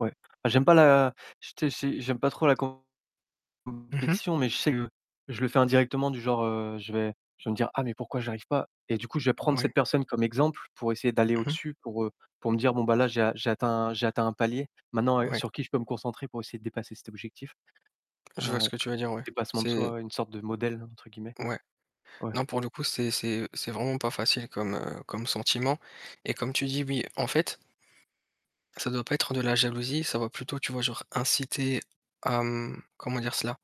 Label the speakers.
Speaker 1: Ouais, j'aime pas la ch tu sais, c'est j'aime pas trop la
Speaker 2: Mmh mh.
Speaker 1: compétition, mais je sais que je le fais indirectement du genre, heu, je vais je vais me dire: «Ah mais pourquoi j'arrive pas?» Et du coup, je vais prendre cette
Speaker 2: Ouais.
Speaker 1: personne comme exemple, pour essayer d'aller,
Speaker 2: Mmh mh.
Speaker 1: au-dessus pour, heu, pour me dire: «Bon bah là, j'ai a j'ai atteint j'ai atteint un palier. Maintenant, heu,
Speaker 2: Ouais.
Speaker 1: sur qui je peux me concentrer pour essayer de dépasser cet objectif?»
Speaker 2: Je
Speaker 1: Heu,
Speaker 2: vois ce que tu veux dire, ouais,
Speaker 1: dépassement de
Speaker 2: c'est
Speaker 1: soi, une sorte de «modèle», entre guillemets.
Speaker 2: Ouais.
Speaker 1: Ouais.
Speaker 2: Non, pour le coup, c'est c'est c'est vraiment pas facile comme, heu, comme sentiment et comme tu dis, oui, en fait ça doit pas être de la jalousie, ça va plutôt tu vois, genre inciter à, mmh, comment dire cela?